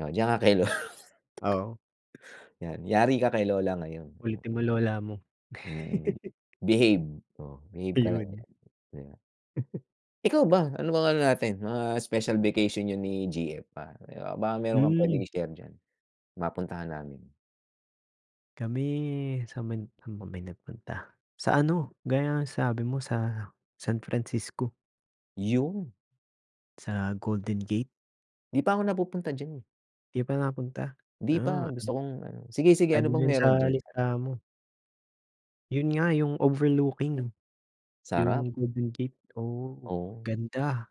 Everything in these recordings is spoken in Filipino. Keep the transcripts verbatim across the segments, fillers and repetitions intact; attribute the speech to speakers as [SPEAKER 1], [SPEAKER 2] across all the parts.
[SPEAKER 1] Oh diyan ka kay lo
[SPEAKER 2] Oo.
[SPEAKER 1] Yan, yari ka kay lola ngayon.
[SPEAKER 2] Kulitin mo lola mo.
[SPEAKER 1] Mm, behave, oh, behave ka lang
[SPEAKER 2] Ayun.
[SPEAKER 1] diyan di ba. Ikaw ba? Ano bang ano natin mga special vacation niyo ni G-F, ah, baka meron kang
[SPEAKER 2] Hmm.
[SPEAKER 1] pwedeng i-share diyan. Mapuntahan namin.
[SPEAKER 2] Kami, san banda ba kami nagpunta, sa ano gaya ng sabi mo sa San Francisco.
[SPEAKER 1] Yun.
[SPEAKER 2] Sa Golden Gate.
[SPEAKER 1] Di pa ako napupunta diyan eh.
[SPEAKER 2] Di ka pa nakapunta,
[SPEAKER 1] Di
[SPEAKER 2] ah,
[SPEAKER 1] pa
[SPEAKER 2] an
[SPEAKER 1] gusto kong ano, sige-sige
[SPEAKER 2] add
[SPEAKER 1] ano
[SPEAKER 2] mo
[SPEAKER 1] bang
[SPEAKER 2] na yun sa
[SPEAKER 1] meron diyan?
[SPEAKER 2] listahan mo. Yun nga yung overlooking no,
[SPEAKER 1] Sarap.
[SPEAKER 2] yung Golden Gate, oo
[SPEAKER 1] Oo.
[SPEAKER 2] ganda!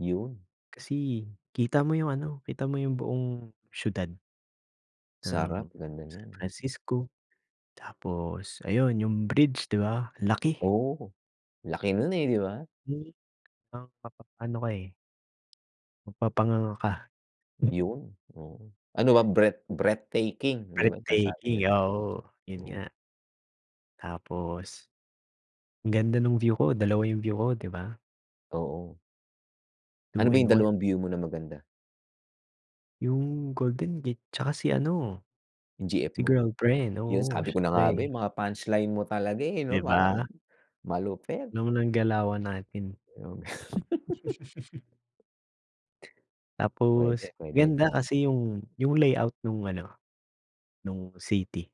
[SPEAKER 1] Yun.
[SPEAKER 2] Kasi kita mo yung ano kita mo yung buong siyudad,
[SPEAKER 1] Sarap,
[SPEAKER 2] ng
[SPEAKER 1] ganda
[SPEAKER 2] San
[SPEAKER 1] diyan.
[SPEAKER 2] Francisco, tapos ayun yung bridge di ba ang laki.
[SPEAKER 1] Oo laki nun, eh, di ba?
[SPEAKER 2] Hmm, ng mapapa-ano ka eh. Mapapanganga ka.
[SPEAKER 1] Yun, oo, ano ba breath breathtaking di ba na sabi nila.
[SPEAKER 2] Breathtaking, oo, yun
[SPEAKER 1] Oo.
[SPEAKER 2] nga. Tapos, ganda nung view ko dalawa yung view ko di ba?
[SPEAKER 1] Oo. Ano
[SPEAKER 2] two
[SPEAKER 1] ba yung
[SPEAKER 2] in one.
[SPEAKER 1] dalawang view mo na maganda?
[SPEAKER 2] Yung Golden Gate tsaka si ano.
[SPEAKER 1] Yung G-F
[SPEAKER 2] Si
[SPEAKER 1] mo,
[SPEAKER 2] girlfriend,
[SPEAKER 1] yun
[SPEAKER 2] oo
[SPEAKER 1] sabi ko na nga ba,
[SPEAKER 2] syempre.
[SPEAKER 1] eh, mga punchline mo talaga, eh, no
[SPEAKER 2] Di
[SPEAKER 1] parang,
[SPEAKER 2] ba?
[SPEAKER 1] malupit.
[SPEAKER 2] Nung ng galawan natin.
[SPEAKER 1] Yun. Puwede,
[SPEAKER 2] Tapos
[SPEAKER 1] puwede.
[SPEAKER 2] ganda kasi yung, yung layout nung ano, nung city.